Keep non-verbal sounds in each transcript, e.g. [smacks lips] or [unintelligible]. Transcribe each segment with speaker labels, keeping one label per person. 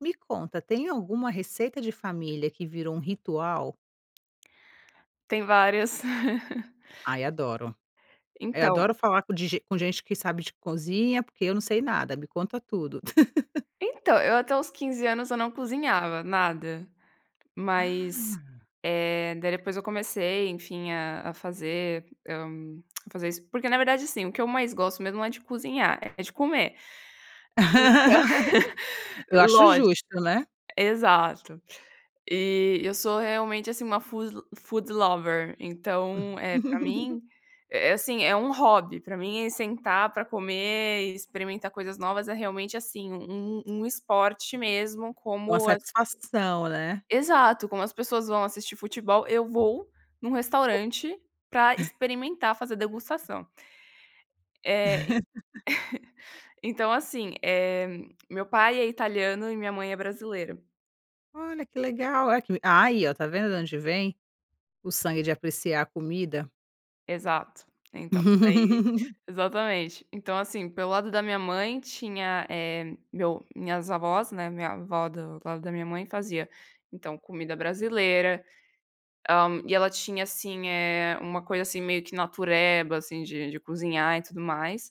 Speaker 1: Me conta, tem alguma receita de família que virou um ritual?
Speaker 2: Tem várias. [chuckles]
Speaker 1: Ai, adoro. É,
Speaker 2: Então
Speaker 1: adoro falar com de gen com gente que sabe de cozinha, porque eu não sei nada, me conta tudo. [chuckles]
Speaker 2: então, eu até os 15 anos eu não cozinhava nada,
Speaker 1: Ah.
Speaker 2: mas, eh, daí depois eu comecei enfim a a fazer, hã, a fazer isso, [smacks lips] porque na verdade assim o que eu mais gosto mesmo não é de cozinhar é de comer. Então,
Speaker 1: [laughs]
Speaker 2: [chuckles]
Speaker 1: Eu acho
Speaker 2: lógico
Speaker 1: justo, né?
Speaker 2: exato. E eu sou realmente assim uma food foodlover então é pra
Speaker 1: [chuckles]
Speaker 2: mim, é é, assim, é um hobby pra mim, é sentar pra comer e experimentar coisas novas é realmente assim um um esporte mesmo
Speaker 1: Uma
Speaker 2: como as
Speaker 1: satisfação, né.
Speaker 2: exato, como as pessoas vão assistir futebol, eu vou num restaurante pra
Speaker 1: [chuckles]
Speaker 2: experimentar fazer degustação. É,
Speaker 1: [laughs]
Speaker 2: então, assim, eh meu pai é italiano e minha mãe é brasileira.
Speaker 1: Olha, que legal, olha que aí eh, tá vendo da onde vem o sangue de apreciar a comida?
Speaker 2: Exato, então aí,
Speaker 1: [chuckles]
Speaker 2: exatamente, então assim pelo lado da minha mãe tinha, eh, meu minhas avós, né, minha avó do lado da minha mãe fazia, então comida brasileira, hã, e ela tinha assim, eh, uma coisa assim meio que natureba assim de de cozinhar e tudo mais.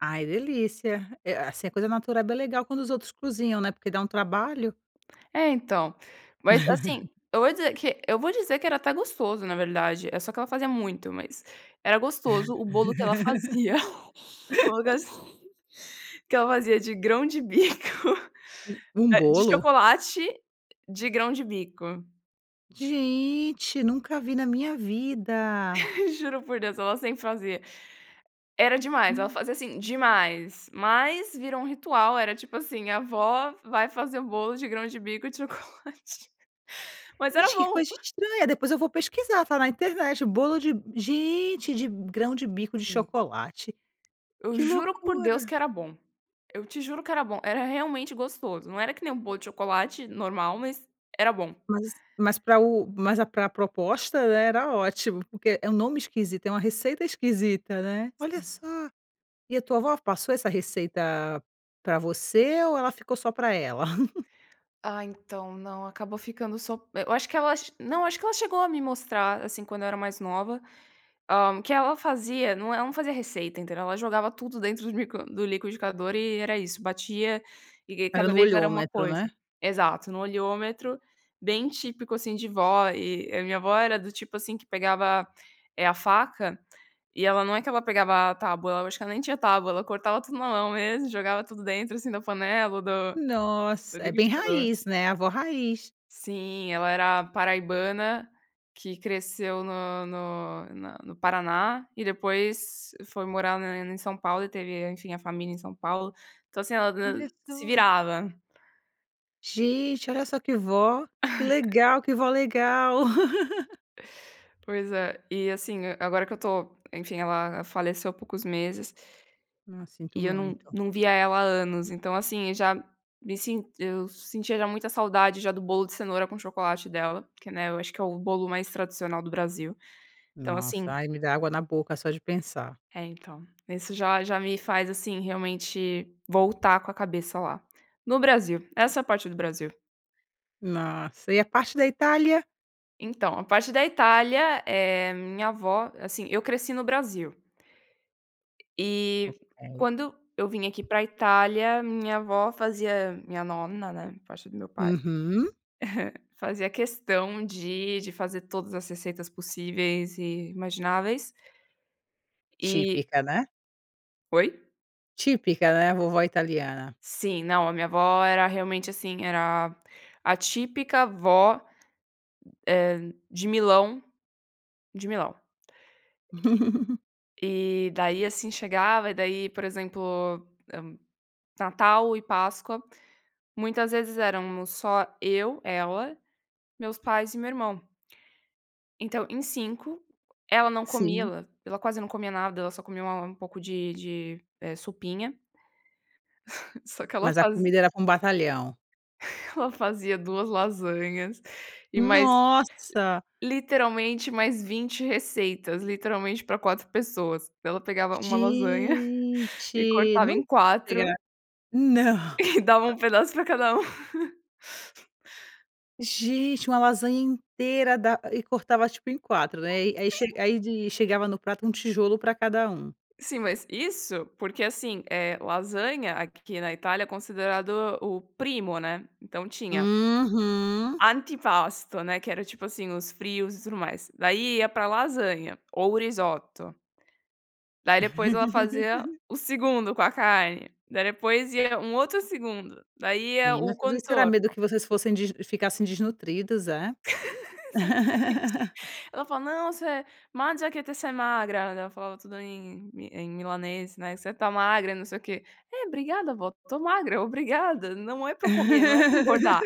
Speaker 1: Ai delícia, eh, assim, é coisa natureba é legal quando os outros cozinham, né, porque dá um trabalho.
Speaker 2: É então, mas assim
Speaker 1: [chuckles]
Speaker 2: eu vou dizer que eu vou dizer que era até gostoso na verdade é só que ela fazia muito, mas era gostoso o bolo que ela fazia, [chuckles] algo
Speaker 1: [laughs]
Speaker 2: assim, que ela fazia de grão-de-bico
Speaker 1: U um
Speaker 2: eh, de
Speaker 1: bolo?
Speaker 2: chocolate, de grão-de-bico.
Speaker 1: Gente nunca vi na minha vida.
Speaker 2: Juro por Deus, ela sempre fazia. Era demais, ela
Speaker 1: Na
Speaker 2: fazia assim, demais, mas virou um ritual, era tipo assim, a avó vai fazer um bolo de grão-de-bico e de chocolate. Mas era
Speaker 1: Gente que
Speaker 2: bom.
Speaker 1: coisa
Speaker 2: [chuckles]
Speaker 1: estranha, depois eu vou pesquisar falar internet bolo de gente de grão-de-bico de
Speaker 2: Sim.
Speaker 1: chocolate,
Speaker 2: Eu
Speaker 1: que
Speaker 2: juro por Deus
Speaker 1: loucura.
Speaker 2: que era bom. Eu te juro que era bom, era realmente gostoso, não era que nem um bolo de chocolate normal, mas era bom.
Speaker 1: Mas mas para o mas a pra proposta, né, era ótimo, porque é um nome esquisito, é uma receita esquisita, né, olha
Speaker 2: Sim.
Speaker 1: só, e a tua avó passou essa receita pra você ou ela ficou só pra ela? [chuckles]
Speaker 2: Ah, então não acabou ficando sop eu acho que ela não acho que ela chegou a me mostrar, assim, quando eu era mais nova, hã, que ela fazia não, eh, ela não fazia receita entendeu? Ela jogava tudo dentro do liqui do liquidificador e era isso batia, e
Speaker 1: Era
Speaker 2: cada
Speaker 1: no
Speaker 2: vez era uma
Speaker 1: olhômetro, né.
Speaker 2: coisa exato, no olhômetro, bem típico assim de vó e a minha avó era do tipo assim que pegava, eh, a faca e ela não é que ela pegava a tábua eu acho que ela nem tinha tábua ela cortava tudo na mão mesmo jogava tudo dentro, assim, da panela ou do do
Speaker 1: Nossa é bem
Speaker 2: liquidificador.
Speaker 1: raiz né, a vó raiz.
Speaker 2: Sim, ela era paraibana, que cresceu no no na no Paraná e depois foi morar na em São Paulo e teve enfim a família em São Paulo, então assim ela d
Speaker 1: Olha
Speaker 2: se
Speaker 1: só.
Speaker 2: virava.
Speaker 1: Gente olha só que vó, que
Speaker 2: [chuckles]
Speaker 1: legal, que vó legal. [chuckles]
Speaker 2: Pois é, e assim agora que eu estou enfim ela faleceu há poucos meses
Speaker 1: Ah, sinto
Speaker 2: e eu não
Speaker 1: muito.
Speaker 2: não via ela há anos então assim já me sen eu sentia já muita saudade já do bolo de cenoura com chocolate dela, porque, né, eu acho que é o bolo mais tradicional do Brasil, então
Speaker 1: Nossa,
Speaker 2: assim
Speaker 1: ai me dá água na boca só de pensar.
Speaker 2: É então, isso já já me faz assim realmente voltar com a cabeça lá, no Brasil, essa é a parte do Brasil.
Speaker 1: Nossa, e a parte da Itália?
Speaker 2: Então, a parte da Itália, eh, minha avó, assim eu cresci no Brasil e
Speaker 1: Ok.
Speaker 2: quando eu vim aqui pra Itália minha avó fazia, minha nona, né, parte do meu pai,
Speaker 1: Uhum.
Speaker 2: [chuckles] fazia questão de de fazer todas as receitas possíveis e imagináveis. E
Speaker 1: Típica, né?
Speaker 2: Oi?
Speaker 1: Típica né, vovó italiana.
Speaker 2: Sim, não, a minha vó era realmente, assim, era a típica vó, eh, de Milão de Milão.
Speaker 1: [chuckles]
Speaker 2: E e-e aí assim chegava, e daí por exemplo, hã, Natal e Páscoa muitas vezes éramos só eu ela, meus pais e meu irmão. Então em 5, ela não comia
Speaker 1: Sim.
Speaker 2: lá, ela quase não comia nada, ela só comia uma um pouco de de, eh, sopinha. Só que ela
Speaker 1: Mas a
Speaker 2: fazi
Speaker 1: comida era para um batalhão.
Speaker 2: ela fazia 2 lasanhas e mais,
Speaker 1: Nossa!
Speaker 2: literalmente mais 20 receitas, literalmente pra 4 pessoas, daí ela pegava uma lasanha [chuckles] e
Speaker 1: Gente
Speaker 2: cortava
Speaker 1: não
Speaker 2: em quatro
Speaker 1: integrar não.
Speaker 2: e dava um pedaço pra cada um. [laughs]
Speaker 1: Gente uma lasanha inteira da e cortava tipo em 4 né, e aí e aí chega
Speaker 2: Sim.
Speaker 1: ai de chegava no prato um tijolo pra cada um?
Speaker 2: Sim, mas isso porque, assim, eh, lasanha aqui na Itália é considerado o o primo né, então tinha
Speaker 1: Uhum.
Speaker 2: antipasto né, que era tipo assim, os frios e tudo mais, daí ia para lasanha ou risoto. Daí depois ela fazia
Speaker 1: [chuckles]
Speaker 2: o segundo com a carne, daí depois ia um outro segundo, daí ia
Speaker 1: Menina
Speaker 2: o
Speaker 1: tudo isso será
Speaker 2: contorno.
Speaker 1: medo que vocês fossem des ficassem desnutridas é?
Speaker 2: [chuckles] Exatamente.
Speaker 1: [laughs]
Speaker 2: Ela fala: "Non se, mangia che sei magra" ela falava tudo em milan em milanês, né, você está magra e não sei o quê. É obrigada vó, estou magra obrigada, não é para comer, não é para engordar.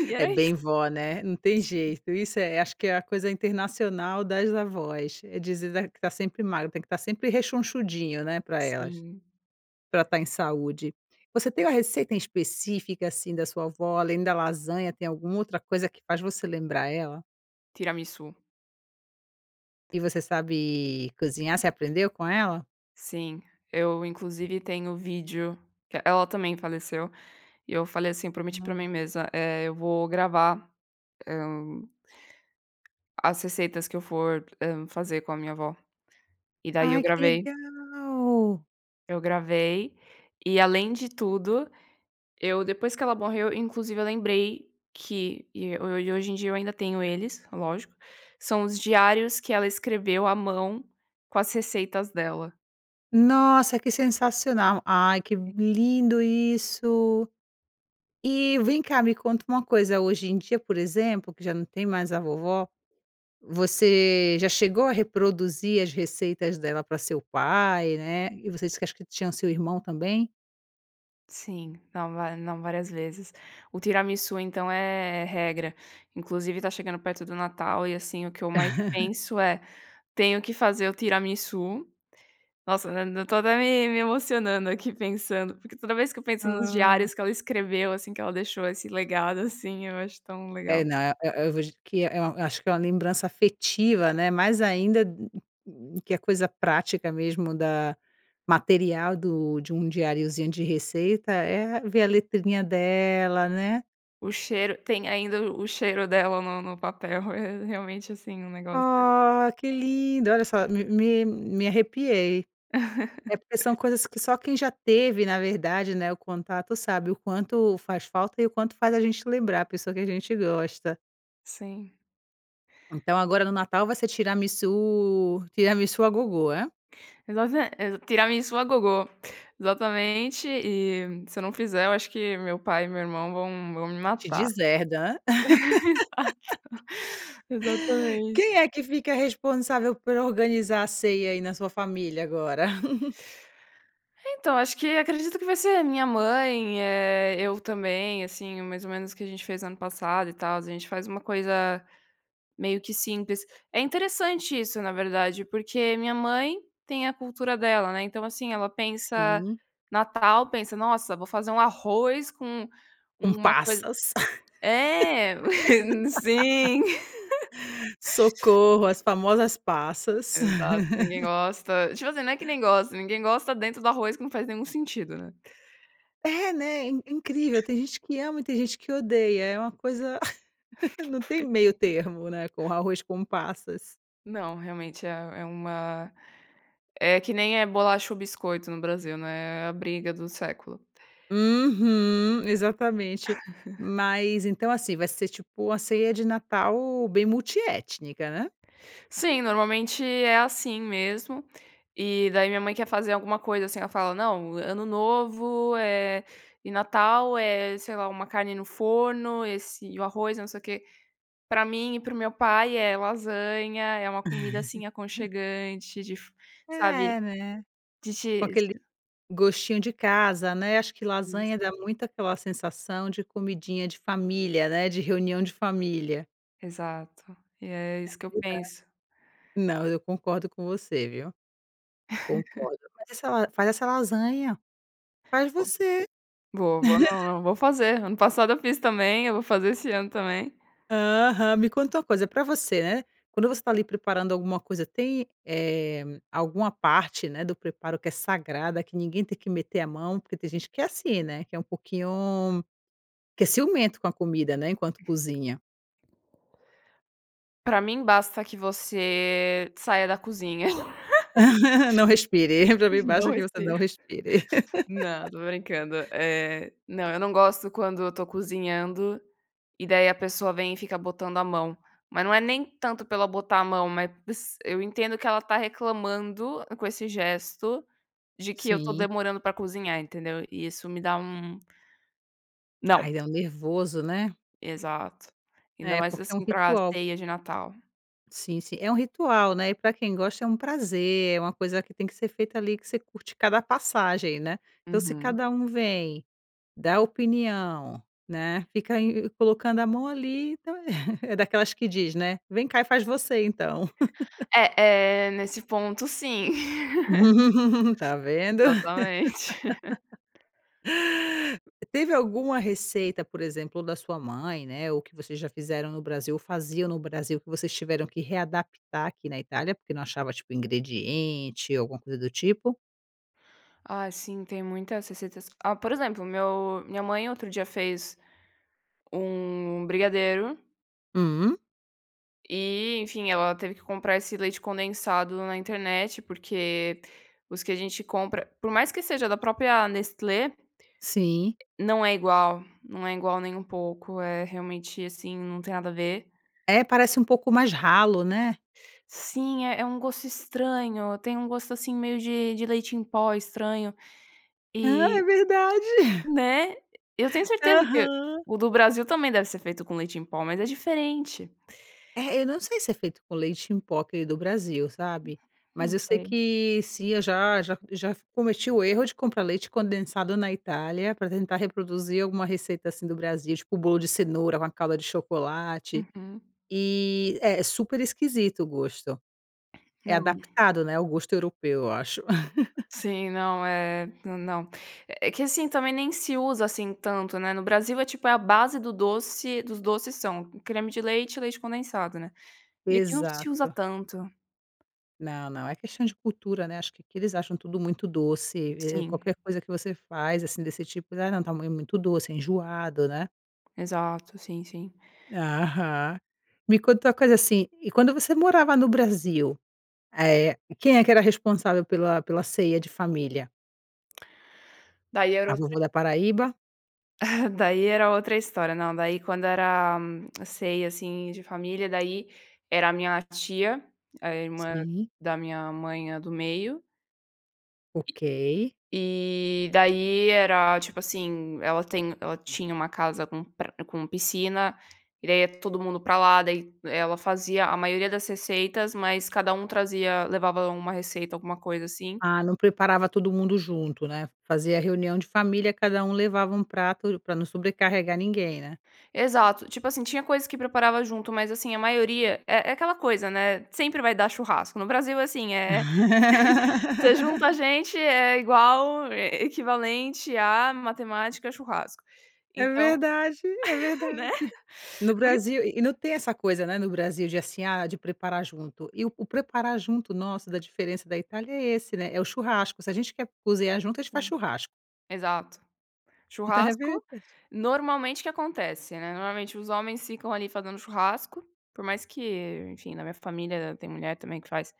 Speaker 2: E
Speaker 1: É
Speaker 2: era isso.
Speaker 1: bem vó, né, não tem jeito, isso é, acho que
Speaker 2: [unintelligible]
Speaker 1: é a coisa internacional das avós, é dizer que está sempre magro, tem que estar sempre rechonchudinho, né pra elas,
Speaker 2: Sim.
Speaker 1: pra tá em saúde. Você tem uma receita em específica, assim, da sua avó, além da lasanha tem alguma outra coisa que faz você lembrar ela?
Speaker 2: Tiramisù.
Speaker 1: E você sabe cozinhar, você aprendeu com ela?
Speaker 2: Sim, eu inclusive tenho o vídeo que ela também faleceu e eu falei, assim, prometi pra
Speaker 1: Hum.
Speaker 2: mim mesma, eh, eu vou gravar, hum as receitas que eu for, hum, fazer com a minha avó e daí eu
Speaker 1: Ai que
Speaker 2: gravei.
Speaker 1: legal.
Speaker 2: Eu gravei e além de tudo, eu depois que ela morreu eu inclusive eu lembrei que e e hoje em dia eu ainda tenho eles, lógico, são os diários que ela escreveu à mão com as receitas dela.
Speaker 1: Nossa que sensacional, ai que bo
Speaker 2: [unintelligible]
Speaker 1: lindo isso e vem cá me conta uma coisa, hoje em dia por exemplo que já não tem mais a vovó, você já chegou a reproduzir as receitas dela pra seu pai, né, e você disse acho que tinham seu irmão também?
Speaker 2: Sim, não va não várias vezes. O tiramisu então é regra, inclusive está chegando perto do Natal e assim o que eu mais
Speaker 1: [laughs]
Speaker 2: penso é, tenho que fazer o tiramisu, nossa eu estou até me me emocionando aqui pensando, porque toda vez que eu penso nos
Speaker 1: Ah.
Speaker 2: diários que ela escreveu, assim, que ela deixou esse legado, assim, eu acho tão
Speaker 1: É
Speaker 2: legal.
Speaker 1: não eu eu vou gi que é um, eh eh, eu acho que é uma lembrança afetiva, né, mais ainda que a coisa prática mesmo da material do de um diariozinho de receita é ver a letrinha dela, né.
Speaker 2: O cheiro, tem ainda o o cheiro dela no no papel, é realmente, assim, um negócio
Speaker 1: Ah, que lindo, olha só, me me me arrepiei. É porque são
Speaker 2: [laughs]
Speaker 1: coisas que só quem já teve na verdade, né, o contato sabe o quanto faz falta e o quanto faz a gente lembrar a pessoa que a gente gosta.
Speaker 2: Sim.
Speaker 1: Então, agora no Natal vai ser tiramisù tiramisù à gogo, é?
Speaker 2: Exata é tiramisú à gogo, exatamente e se eu não fizer eu acho que meu pai e meu irmão vão vão me
Speaker 1: Te
Speaker 2: matar.
Speaker 1: deserda hã.
Speaker 2: Exato,
Speaker 1: [laughs]
Speaker 2: exatamente.
Speaker 1: Quem é que fica responsável por organizar a ceia aí na sua família agora? [laughs]
Speaker 2: Então, acho que acredito que vai ser a minha mãe, eh, eu também, assim, mais ou menos, que a gente fez ano passado e tal a gente faz uma coisa, meio que simples, é interessante isso na verdade, porque minha mãe tem a cultura dela, né, então assim ela pensa,
Speaker 1: Sim.
Speaker 2: Natal pensa nossa vou fazer arroz com
Speaker 1: Com
Speaker 2: uma coisa
Speaker 1: passas.
Speaker 2: é, sim.
Speaker 1: [laughs] Socorro as famosas passas.
Speaker 2: Exato que ninguém
Speaker 1: [laughs]
Speaker 2: gosta, tipo assim, não é que nem gosta, ninguém gosta dentro do arroz que não faz nenhum sentido, né?
Speaker 1: É, né, é in incrível tem gente que ama e tem gente que odeia é uma coisa [laughs] não tem meio termo, né, com arroz com passas.
Speaker 2: Não, realmente é é uma é que nem é bolacha ou biscoito no Brasil, né, é a briga do século.
Speaker 1: Uhum, exatamente.
Speaker 2: [laughs]
Speaker 1: Mas então assim vai ser tipo uma ceia de Natal bem multiétnica, né?
Speaker 2: Sim, normalmente é assim mesmo, e daí minha mãe quer fazer alguma coisa, assim, ela fala: "Não, Ano Novo, eh e Natal é sei lá uma carne no forno esse e o arroz e não sei o que", pra mim e para o meu pai é lasanha, é uma comida, assim,
Speaker 1: [laughs]
Speaker 2: aconchegante de fi sabe?
Speaker 1: É né?
Speaker 2: De
Speaker 1: Com
Speaker 2: te
Speaker 1: aquele gostinho de casa, né, acho que
Speaker 2: Isso.
Speaker 1: lasanha dá muito aquela sensação de comidinha de família, né, de reunião de família.
Speaker 2: Exato e é isso que eu
Speaker 1: É verdade.
Speaker 2: penso.
Speaker 1: Não eu concordo com você, viu.
Speaker 2: [laughs]
Speaker 1: Concordo, mas faz essa faz lasanha, faz
Speaker 2: Vou
Speaker 1: você.
Speaker 2: vou vou não,
Speaker 1: [laughs]
Speaker 2: não, vou fazer, ano passado eu fiz também, eu vou fazer esse ano também.
Speaker 1: Aham, me conta uma coisa pra você, né, quando você está ali preparando alguma coisa tem, eh, alguma parte, né, do preparo que é sagrada que ninguém tem que meter a mão porque tem gente que é assim né, que é um pouquinho, que é ciumento com a comida né enquanto cozinha.
Speaker 2: Pra mim basta que você saia da cozinha. [laughs]
Speaker 1: [laughs] Não respire, pra mim basta
Speaker 2: Não
Speaker 1: que você
Speaker 2: esteja,
Speaker 1: não respire.
Speaker 2: não,
Speaker 1: [laughs]
Speaker 2: tô brincando. Eh, não, eu não gosto quando eu tô cozinhando, e daí a pessoa vem e fica botando a mão, mas não é nem tanto por ela botar a mão, mas eu entendo que ela tá reclamando com esse gesto, de que eu tô
Speaker 1: Sim.
Speaker 2: demorando pra cozinhar entendeu? E isso me dá um
Speaker 1: Ai
Speaker 2: Não.
Speaker 1: dá um nervoso, né?
Speaker 2: Exato. Ainda
Speaker 1: É,
Speaker 2: mais
Speaker 1: porque é um
Speaker 2: assim para a
Speaker 1: ritual.
Speaker 2: ceia de Natal.
Speaker 1: Sim, sim. É um ritual, né, e pra quem gosta é um prazer, é uma coisa que tem que ser feita ali, que você curte cada passagem, né, então se
Speaker 2: Uhum.
Speaker 1: cada vem dá opinião, né. Fica ainda colocando a mão ali então [laughs] É daquelas que diz né vem cá e faz você então. [laughs]
Speaker 2: É é, nesse ponto sim. [laughs]
Speaker 1: [laughs] Tá vendo.
Speaker 2: Exatamente. [laughs]
Speaker 1: [laughs] Teve alguma receita, por exemplo, da sua mãe né ou que vocês já fizeram no Brasil ou faziam no Brasil que vocês tiveram que readaptar aqui na Itália porque não achava tipo ingrediente ou alguma coisa do tipo?
Speaker 2: Ai sim tem muitas receitas. Ah, por exemplo, meu minha mãe outro dia fez um brigadeiro
Speaker 1: Hum.
Speaker 2: e enfim ela teve que comprar esse leite condensado na internet porque os que a gente compra por mais que seja da própria Nestlé
Speaker 1: Sim.
Speaker 2: não é igual, não é igual nem um pouco, é realmente assim não tem nada a ver.
Speaker 1: É, parece um pouco mais ralo, né?
Speaker 2: Sim, é é um gosto estranho, tem um gosto, assim, meio de de leite em pó estranho
Speaker 1: Ah,
Speaker 2: e
Speaker 1: é verdade.
Speaker 2: né, eu tenho certeza que
Speaker 1: Aham.
Speaker 2: o do Brasil também deve ser feito com leite em pó mas é diferente.
Speaker 1: É eu não sei se é feito com leite em pó aquele do Brasil, sabe?
Speaker 2: Não
Speaker 1: Mas eu sei
Speaker 2: sei.
Speaker 1: que sim eu já já já f cometi o erro de comprar leite condensado na Itália pra tentar reproduzir alguma receita, assim, do Brasil tipo o bolo de cenoura, uma calda de chocolate
Speaker 2: Uhum.
Speaker 1: e é é super esquisito o gosto é
Speaker 2: Não.
Speaker 1: adaptado, né, ao gosto europeu eu acho. [chuckles]
Speaker 2: Sim, não é é não, é que assim também nem se usa assim tanto, né, no Brasil é tipo é a base do doce dos doces são, creme de leite e leite condensado, né, e aqui não se usa
Speaker 1: Exato.
Speaker 2: tanto.
Speaker 1: Não, não. É questão de cultura, né, acho que aqui eles acham tudo muito doce e
Speaker 2: Sim.
Speaker 1: qualquer coisa que você faz, assim, desse tipo, né, não. Tamanho muito doce, enjoado, né.
Speaker 2: Exato. Sim, sim.
Speaker 1: Aham. Me conta uma coisa assim, e quando você morava no Brasil, eh, quem é que era responsável pela pela ceia de família?
Speaker 2: Daí era
Speaker 1: A
Speaker 2: outra
Speaker 1: vovó da Paraíba?
Speaker 2: [chuckles] Daí era outra história, não, daí quando era a ceia, assim, de família, daí era a minha tia, a irmã
Speaker 1: Sim.
Speaker 2: da minha mãe, a do meio
Speaker 1: Ok.
Speaker 2: e daí era, tipo assim, ela tem ela tinha uma casa com pra com piscina, e daí ia todo mundo pra lá. Daí, ela fazia a maioria das receitas, mas cada um trazia levava uma receita, alguma coisa assim.
Speaker 1: Ah, não preparava todo mundo junto, né. Fazia reunião de família, cada um levava um prato pra não sobrecarregar ninguém, né?
Speaker 2: Exato, tipo assim, tinha coisas que preparava junto, mas assim a maioria É é aquela coisa, né, sempre vai dar churrasco no Brasil, assim, eh, [chuckles] você junta
Speaker 1: [laughs]
Speaker 2: gente é é igual, é equivalente a matemática, churrasco,
Speaker 1: É
Speaker 2: então,
Speaker 1: verdade, é
Speaker 2: [laughs]
Speaker 1: verdade.
Speaker 2: né,
Speaker 1: No
Speaker 2: por isso
Speaker 1: Brasil, e e não tem essa coisa, né, no Brasil de, assim, ah, de preparar junto. E o preparar junto nosso, da diferença da Itália, é esse, né, é o churrasco. Se a gente quer cozinhar junto, a gente faz
Speaker 2: Sim.
Speaker 1: churrasco.
Speaker 2: Exato.
Speaker 1: Então, é
Speaker 2: Churrasco,
Speaker 1: verdade.
Speaker 2: normalmente o que acontece, né? Normalmente os homens ficam ali, fazendo churrasco, por mais que enfim, na minha família tem mulher também que faz.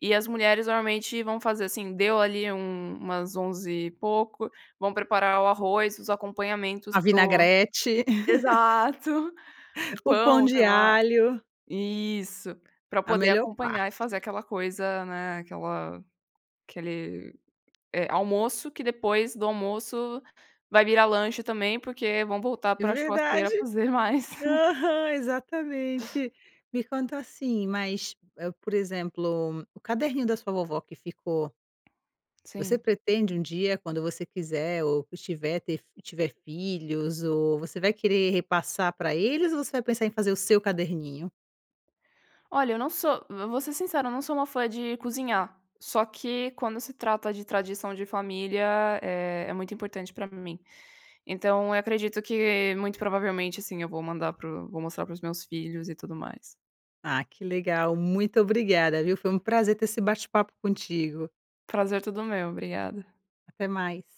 Speaker 2: E as mulheres normalmente vão fazer, assim, deu ali, hum, umas onze e pouco, vão preparar o arroz, os acompanhamentos
Speaker 1: A
Speaker 2: para o
Speaker 1: vinagrete,
Speaker 2: Exato. O
Speaker 1: [laughs] o pão
Speaker 2: pão, sei
Speaker 1: de
Speaker 2: lá.
Speaker 1: alho.
Speaker 2: Isso, pra
Speaker 1: A
Speaker 2: poder
Speaker 1: melhor
Speaker 2: acompanhar e
Speaker 1: parte.
Speaker 2: fazer aquela coisa, né, aquela aquele, eh, almoço que depois do almoço, vai virar lanche também, porque vão voltar
Speaker 1: É
Speaker 2: pra
Speaker 1: verdade.
Speaker 2: churrasqueira fazer mais. [chuckles]
Speaker 1: Aham. Exatamente. Me conta assim, mas, eh, por exemplo, o caderninho da sua vovó que ficou você
Speaker 2: Sim.
Speaker 1: pretende um dia, quando você quiser ou que estiver ter tiver filhos ou você vai querer repassar pra eles? Ou você vai pensar em fazer o seu caderninho?
Speaker 2: Olha, eu não sou vo vou ser sincera, eu não sou uma fã de cozinhar, só que quando se trata de tradição de família, eh, é muito importante pra mim. Então, eu acredito que muito provavelmente assim, eu vou mandar para o vou mostrar para os meus filhos e tudo mais.
Speaker 1: Ah, que legal, muito obrigada viu? Foi um prazer ter esse bate-papo contigo.
Speaker 2: O prazer é todo meu, obrigada.
Speaker 1: Até mais.